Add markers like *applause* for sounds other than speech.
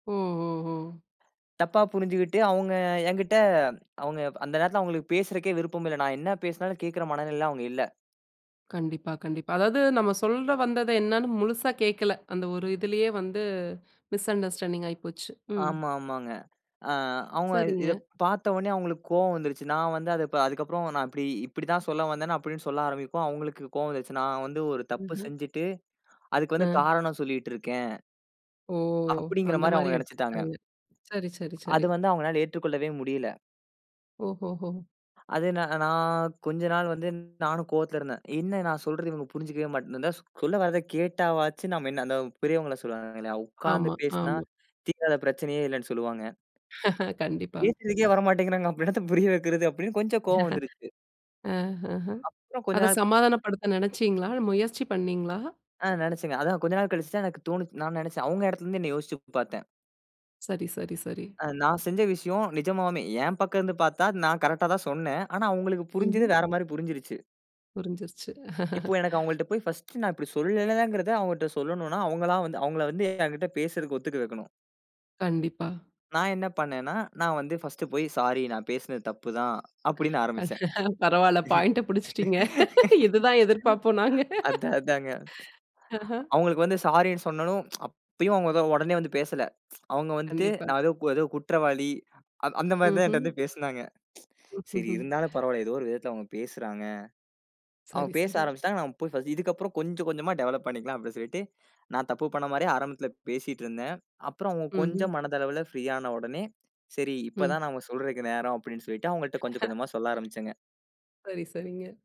ஓ ஓ ஓ! தப்பா புரிஞ்சுகிட்டு அவுங்க என்கிட்ட அவுங்க அந்த நேரத்தில அவுங்களுக்கு பேசுறக்கே விருப்பம் இல்ல. நான் என்ன பேசினாலும் கேட்கிற மனநிலையில அவுங்க இல்ல. கண்டிப்பா, கண்டிப்பா. அதாவது நம்ம சொல்ல வந்தது என்னன்னு முழுசா கேக்கல. அந்த ஒரு இதுலயே வந்து மிஸ் அண்டர்ஸ்டாண்டிங் ஆயிப்போச்சு. ம். ஆமா, ஆமாங்க. ஆ அவுங்க சரிங்க. இத பார்த்த உடனே அவுங்களுக்கு கோவம் வந்துரச்சு. நான் வந்து அத அதுக்கு அப்புறம் நான் இப்பிடி இப்பிடி தான் சொல்ல வந்தேன்னு அப்பிடின்னு சொல்ல ஆரம்பிப்போம். அவுங்களுக்கு கோவம் வந்துருச்சு. நான் வந்து ஒரு தப்பு ம்ஹ்ம். செஞ்சிட்டு அதுக்கு வந்து ஆ. காரணம் சொல்லிட்டு இருக்கேன். ஓ! அந்த அப்பிடிங்கிறமாரி மாதிரி அவுங்க நினச்சிட்டாங்க. எடுத்துகிட்டாங்க. சரி, சரி, அது சரி. வந்து அவுங்கனால ஏத்துக்கொள்ளவே முடியல. ஓஹோஹோ! அது நா நான் கொஞ்ச நாள் வந்து நானும் கோவத்தில இருந்தேன். "என்ன நான் சொல்றத இவுங்க புரிஞ்சிக்கவே மாட்டேன்" இந்த சொல்ல வராத கேட்டாவாச்சு நம்ம என்ன அந்த பெரியவங்கள சொல்லுவாங்க இல்லயா! உட்கார்ந்து ஆமா, பேசினா ஆமா. தீராத பிரச்சனையே இல்லேன்னு சொல்லுவாங்க *laughs* கண்டிப்பா. பேசுறதுக்கே வர மாட்டேங்கிறாங்க, அப்ப என்னத்த புரிய வைக்கிறது? அப்பிடின்னு கொஞ்சம் கோவம் வந்துருச்சு. *laughs* அ, ஆஹ. அப்புறம் கொஞ்ச அத நாள். சமாதானப்படுத்த நினைச்சீங்களா? முயற்சி பண்ணீங்களா? ஆ நினச்சேங்க. அதான் கொஞ்ச நாள் கழிச்சு தான் எனக்கு தோணுச்சு. நான் நினச்சேன். அவுங்க இடத்தில இருந்து என்னைய யோசிச்சு பார்த்தேன். சரி, சரி, சரி. அ நான் செஞ்ச விஷயம் நிஜமாவுமே என் பக்கம் இருந்து பார்த்தா, நான் கரெக்ட்டா தான் சொன்னேன். ஆனா அவுங்களுக்கு புரிஞ்சது ம்ஹ்ம். வேற மாரி புரிஞ்சிருச்சு. புரிஞ்சிருச்சு. இப்போ எனக்கு *laughs* அவுங்கள்ட்ட போய் ஃபர்ஸ்ட் நான் இப்பிடி சொல்லலங்கிறத அவுங்கட்ட சொல்லணுன்னா, அவுங்களா வந்து அவுங்கள வந்து எங்கிட்ட பேசுறதுக்கு ஒத்துக்க வைக்கணும். கண்டிப்பா. நான் என்ன பண்ணேனா, நான் வந்து ஃபர்ஸ்ட் போய் "ஸாரி, நான் பேசுனது தப்பு தான்." அப்பிடின்னு ஆரம்பிச்சேன். *laughs* பரவாயில்ல. பாயிண்ட்ட பிடிச்சிட்டீங்க. *laughs* இதுதான் *laughs* எதிர்ப்பார்ப்போம், நாங்க. அதான், அதாங்க. ஆஹ. அவுங்களுக்கு வந்து ஸாரின்னு சொன்னலும் அப்பயும் அவுங்க தான் உடனே வந்து பேசல. *tsk* அவுங்க வந்துட்டு கண்டிப்பா. நான் ஏதோ ஏதோ குற்றவாளி. அந் அந்த மாரி தான் என்ட்ட ம்ஹ்ம். வந்து பேசினாங்க. *tsk* ம், சரி ம்ஹ்ம். இருந்தாலும் பரவால்ல. ஏதோ ஒரு விதத்தில அவுங்க பேசுறாங்க. அவுங்க சரி, பேச சரி. ஆரம்பிச்சிட்டாங்க. நாம் போய் *unintelligible* இதுக்கு அப்புறம் கொஞ்சம் கொஞ்சமா டெவலப் பண்ணிக்கலாம். அப்பிடின்னு சொல்லிட்டு, நான் தப்பு பண்ணமாரியே ஆரம்பத்தில பேசிட்டு இருந்தேன். அப்புறம் அவுங்க ம்ஹ்ம். கொஞ்சம் மனதளவுல ஃப்ரீ ஆன உடனே சரி இப்ப தான் ம். நான் சொல்றக்கு நேரம் அப்பிடின்னு சொல்லிட்டு அவுங்கள்ட்ட கொஞ்சம், *laughs* கொஞ்சமா சொல்ல ஆரம்பிச்சேங்க. சரி, சரிங்க.